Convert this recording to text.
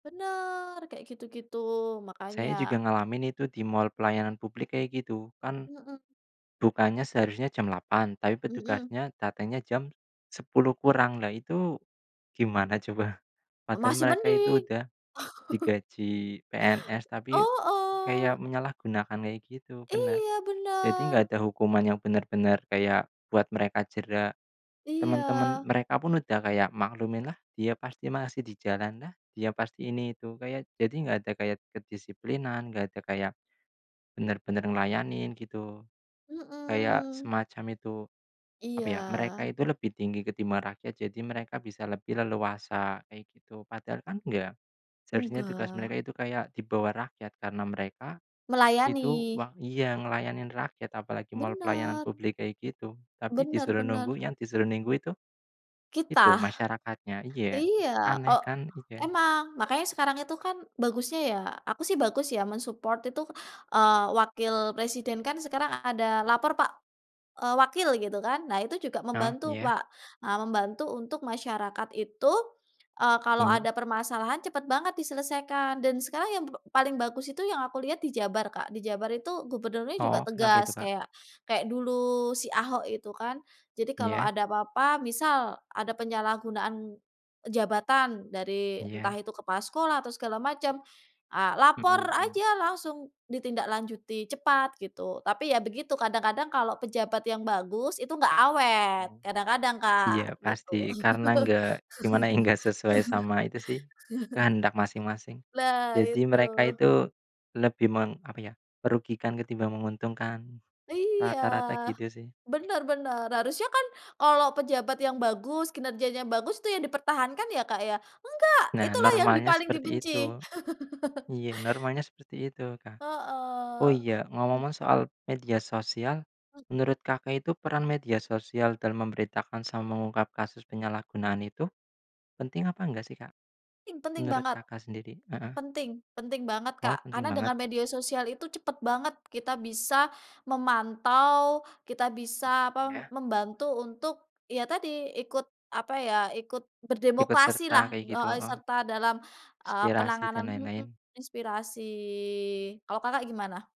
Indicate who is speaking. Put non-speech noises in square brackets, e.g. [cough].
Speaker 1: Benar kayak gitu-gitu makanya
Speaker 2: Saya juga ngalamin itu di mal pelayanan publik kayak gitu, kan
Speaker 1: Mhm.
Speaker 2: bukanya seharusnya jam 8.00 tapi
Speaker 1: Mhm.
Speaker 2: petugasnya datangnya jam 10.00 kurang. Lah itu gimana coba. Padahal
Speaker 1: Masih
Speaker 2: mereka itu
Speaker 1: mending.
Speaker 2: udah
Speaker 1: [laughs]
Speaker 2: digaji PNS tapi
Speaker 1: Heeh.
Speaker 2: kayak menyalahgunakan kayak gitu benar.
Speaker 1: Iya
Speaker 2: Jadi enggak
Speaker 1: benar.
Speaker 2: ada hukuman yang benar-benar kayak buat mereka jera. Temen-temen
Speaker 1: Iya.
Speaker 2: mereka pun udah kayak maklum, "Lah dia pasti masih di jalan lah, dia pasti ini itu," kayak jadi enggak ada kayak kedisiplinan enggak ada kayak benar-benar ngelayanin gitu. Kayak
Speaker 1: Mhm.
Speaker 2: semacam itu apa ya, mereka
Speaker 1: Iya.
Speaker 2: itu lebih tinggi ketimbang rakyat. Jadi mereka bisa lebih leluasa kayak gitu, padahal kan enggak seharusnya tugas mereka
Speaker 1: Enggak.
Speaker 2: itu kayak di bawah rakyat karena mereka itu
Speaker 1: Melayani.
Speaker 2: wang iya ngelayanin rakyat apalagi mall pelayanan
Speaker 1: Benar.
Speaker 2: publik kayak gitu. Tapi
Speaker 1: Benar
Speaker 2: disuruh
Speaker 1: benar.
Speaker 2: nunggu, yang disuruh nunggu itu
Speaker 1: Kita.
Speaker 2: masyarakatnya iya.
Speaker 1: Iya
Speaker 2: Aneh
Speaker 1: kok
Speaker 2: kan iya.
Speaker 1: emang makanya sekarang itu kan bagusnya ya, aku sih bagus ya men-support itu, eee, wakil presiden kan sekarang ada lapor pak, eee, wakil gitu kan. Nah itu juga
Speaker 2: Oh
Speaker 1: membantu,
Speaker 2: iya.
Speaker 1: Pak, eee, membantu untuk masyarakat itu, eee, kalau
Speaker 2: Mhm.
Speaker 1: ada permasalahan cepet banget diselesaikan dan sekarang yang p paling bagus itu yang aku lihat di Jabar, Kak, di Jabar itu gubernurnya juga
Speaker 2: Oh kenapa itu,
Speaker 1: tegas
Speaker 2: Kak?
Speaker 1: kayak kayak dulu si Ahok itu kan. Jadi kalau
Speaker 2: Iya.
Speaker 1: ada apa-apa, misal, ada penyalahgunaan jabatan dari entah
Speaker 2: Iya.
Speaker 1: itu kepala sekolah atau segala macam, ah, lapor
Speaker 2: Mhm.
Speaker 1: aja langsung ditindaklanjuti cepat gitu, tapi ya begitu kadang-kadang kalau pejabat yang bagus itu enggak awet,
Speaker 2: Mmm.
Speaker 1: kadang-kadang, Kak,
Speaker 2: Iya
Speaker 1: gitu.
Speaker 2: pasti, karena enggak, gimana ya enggak sesuai sama itu sih, kehendak
Speaker 1: [laughs]
Speaker 2: masing-masing.
Speaker 1: Lah
Speaker 2: Jadi
Speaker 1: itu.
Speaker 2: mereka itu lebih meng apa ya, merugikan ketimbang menguntungkan.
Speaker 1: Iya,
Speaker 2: Rata-rata gitu sih.
Speaker 1: benar benar harusnya kan kalau pejabat yang bagus, kinerjanya yang bagus tuh ya dipertahankan ya, Kak, enggak
Speaker 2: Nah,
Speaker 1: itulah ya yang di
Speaker 2: normalnya
Speaker 1: paling
Speaker 2: seperti
Speaker 1: dibenci.
Speaker 2: itu.
Speaker 1: [laughs]
Speaker 2: Iya normalnya seperti itu, Kak. Oh
Speaker 1: Heeh.
Speaker 2: iya,
Speaker 1: M
Speaker 2: ngomong-ngomong soal media sosial, menurut Kakak itu peran media sosial dalam memberitakan sama mengungkap kasus penyalahgunaan itu penting apa enggak sih, Kak?
Speaker 1: Penting penting
Speaker 2: Menurut,
Speaker 1: banget.
Speaker 2: Kakak sendiri? Heeh.
Speaker 1: Penting, penting banget,
Speaker 2: Oh
Speaker 1: Kak,
Speaker 2: penting
Speaker 1: karena
Speaker 2: banget.
Speaker 1: dengan media sosial itu cepet banget kita bisa memantau. Kita bisa apa,
Speaker 2: Ya.
Speaker 1: membantu untuk, ya tadi ikut apa ya, ikut
Speaker 2: Ikut
Speaker 1: berdemokrasi
Speaker 2: serta
Speaker 1: lah
Speaker 2: kaya gitu,
Speaker 1: heeh,
Speaker 2: heeh.
Speaker 1: serta dalam, eee,
Speaker 2: Inspirasi dan
Speaker 1: penanganan mhm,
Speaker 2: lain-lain.
Speaker 1: inspirasi kalau Kakak, gimana?